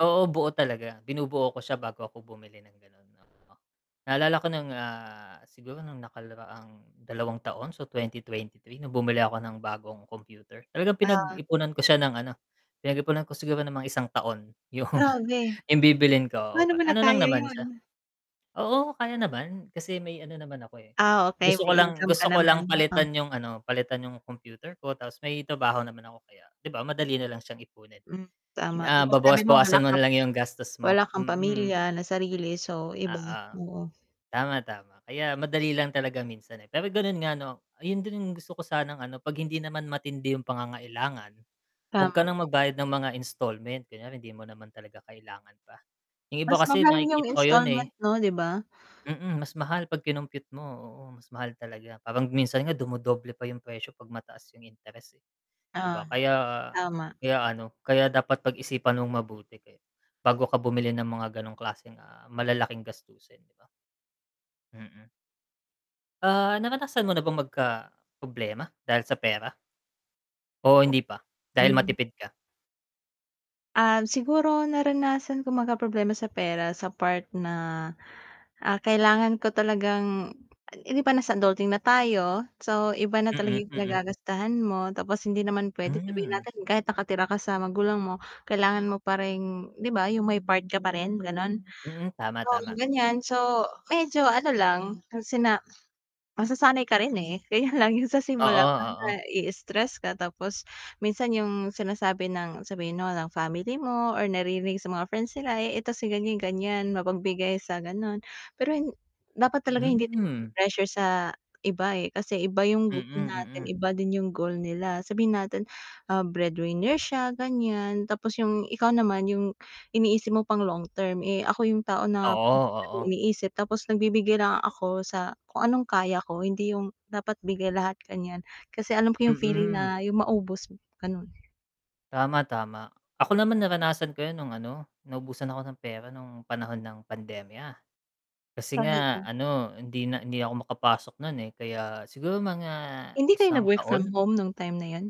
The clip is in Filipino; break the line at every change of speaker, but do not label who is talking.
Oo buo talaga, binubuo ko siya bago ako bumili ng gano'n, oo. Naalala ko nung, ah, siguro nung nakaraang 2 taon so 2023 nung bumili ako ng bagong computer, talagang
O
pinag-ipunan ko siya ng ano, pinag-ipunan ko siguro ng mga 1 taon yung,
Grabe.
bibilhin ko, oo
Paano mo
ano lang
nakaya
naman siya
'yun?
Oo, kaya naman kasi may ano naman ako, eh,
Ah, okey,
gusto ko
may
lang,
income ka
gusto ko lang
naman, oh?
palitan yung ano, palitan yung computer ko, tapos may trabaho naman ako kaya 'di ba, madali nalang siyang ipunin.
Hmm, tama 'di
Ah,
ba, sabi mo wala
babawas-bawasan mo
ka
nalang yung gastos mo,
wala kang
mm.
pamilya na sarili so iba,
Oo.
oo.
Tama, tama kaya madali lang talaga minsan, eh, pero gano'n nga 'no, ayun din yung gusto ko sanang ano, 'pag hindi naman matindi yung pangangailangan, huwag ka
Tama.
ng magbayad ng mga installment, kunyari hindi mo naman talaga kailangan pa. Yung iba
Mas
kasi
mahal yung
nakikita ko 'yun,
installment
eh.
'no, 'di ba?
Mm, mas mahal pag kinompute mo, oo mas mahal talaga parang minsan nga dumodoble pa yung presyo 'pag mataas yung interest, eh. 'Di
Oo,
ba kaya,
tama.
kaya ano, kaya dapat pag-isipan mong mabuti kaya bago ka bumili ng mga ganong klaseng ah, malalaking gastusin 'di ba? Mm. Ah, naranasan mo na bang magkaproblema, dahil sa pera? O
O
hindi pa, dahil
Hmm.
matipid ka?
Um, siguro naranasan ko magkaproblema sa pera sa part na, ah, kailangan ko talagang hindi ba nasa adulting na tayo? So, iba na talaga
Mm,
yung
mm.
pinag-gagastahan mo tapos hindi naman puwede sabihin
Hmm.
natin kahit nakatira ka sa magulang mo, kailangan mo pa ring 'di ba, yung may part ka pa rin, gano'n.
Mm, tama,
Oo
tama.
ganyan so, medyo ano lang, sina masasanay ka rin, eh, ganyan lang yung sa
Oo,
simula pa
oo.
na-iistres ka tapos minsan yung sinasabi ng sabihin mo ng family mo or naririnig sa mga friends nila, "Eh, ito si ganyan-ganyan mapagbigay sa gano'n." Pero, hin dapat talaga hindi tayo
Hmm.
ma-pressure sa iba, eh, kasi iba yung
Mm,
goal natin,
mm.
iba yung goal nila, sabihin natin, ah, breadwinner siya ganyan, tapos yung ikaw naman yung iniisip mo pang long term, eh, ako yung tao na [unintelligible]
Oo, oo.
iniisip tapos nagbibigay lang ako sa kung anong kaya ko hindi yung dapat bigay lahat gan'yan. Kasi alam ko yung feeling
Mm.
na yung maubos, gano'n.
Tama, tama. Ako naman naranasan ko 'yun nung ano, naubusan ako ng pera nung panahon ng pandemya. Kasi nga
Talaga?
ano, hindi na hindi ako makapasok no'n, eh, kaya siguro mga
Hindi kayo
1 taon?
nag-work-from-home nung time na 'yun?